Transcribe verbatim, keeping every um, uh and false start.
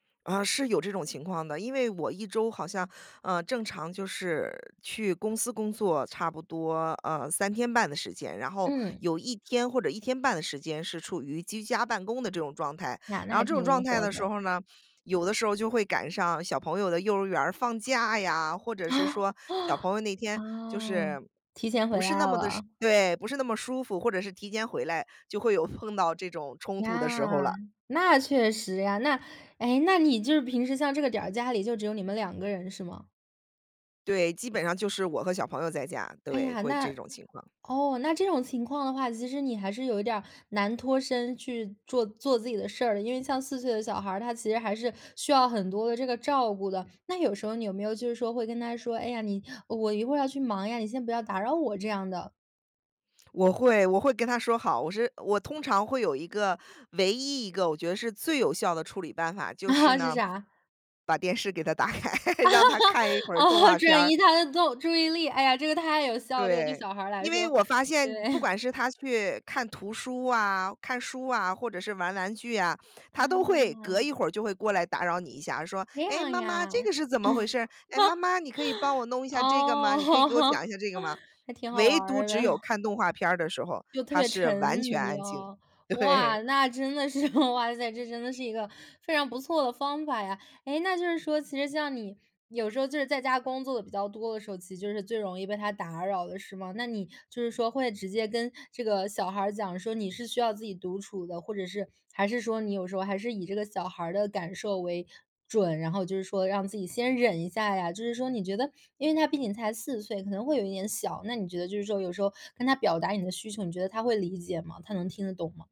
呃，是有这种情况的。因为我一周好像，呃，正常就是去公司工作差不多，呃，三天半的时间。然后嗯。有一天或者一天半的时间是处于居家办公的这种状态。呀，那然后还这种挺状灵态活的时的。候呢，有的时候就会赶上小朋友的幼儿园儿放假呀，或者是哦。说小朋友那天就哦，是，提前回不是来那么地舒了。对，不是那么舒服，或者是提前回来，就会有碰到这种冲突的时候呀，了。那确实呀。那诶，那你就是平时像这个点儿，家里就只有你们两个人是吗？对，基本上就是我和小朋友在家，哎对，呀，会这那种情况。哦，那这种情况的话，其实你还是有点难脱身去做做自己的事儿，因为像四岁的小孩儿，他其实还是需要很多的这个照顾的。那有时候你有没有就是说会跟他说：“哎呀，你我一会儿要去忙呀，你先不要打扰我”这样的？我会我会跟他说好。我是我通常会有一个唯一一个我觉得是最有效的处理办法，就是 是呢，啥？把电视给他打开，让他看一 会儿动哦，画片转儿。移他的动注意力，哎呀，这个太有效，这个对对，小孩儿来因为说，我发现对。不 管是他去看图书啊、看书啊，或者是玩玩具啊，他都啊。会隔一会儿就会过来打扰你一下，说：这“诶，样妈妈，呀。这个 是怎么回事儿？诶，妈妈你可以帮我弄一下这个吗？哦，你可以给我讲 一下这个吗？”还挺好玩唯独儿的。只有 看动画片儿的时候，就特他别是沉完全迷安静，哦。哇，对。那真的是，哇塞，这真的是一个非常不错的方法呀。诶，那就是说，其实像你有时候就是在家工作的比较多的时候，其实就是最容易被他打扰的，是吗？那你就是说会直接跟这个小孩儿讲，说你是需要自己独处的，或者是还是说你有时候还是以这个小孩儿的感受为准，然后就是说让自己先忍一下呀？就是说你觉得因为他毕竟才四岁，可能会有一点小，那你觉得就是说有时候跟他表达你的需求，你觉得他会理解吗？他能听得懂吗？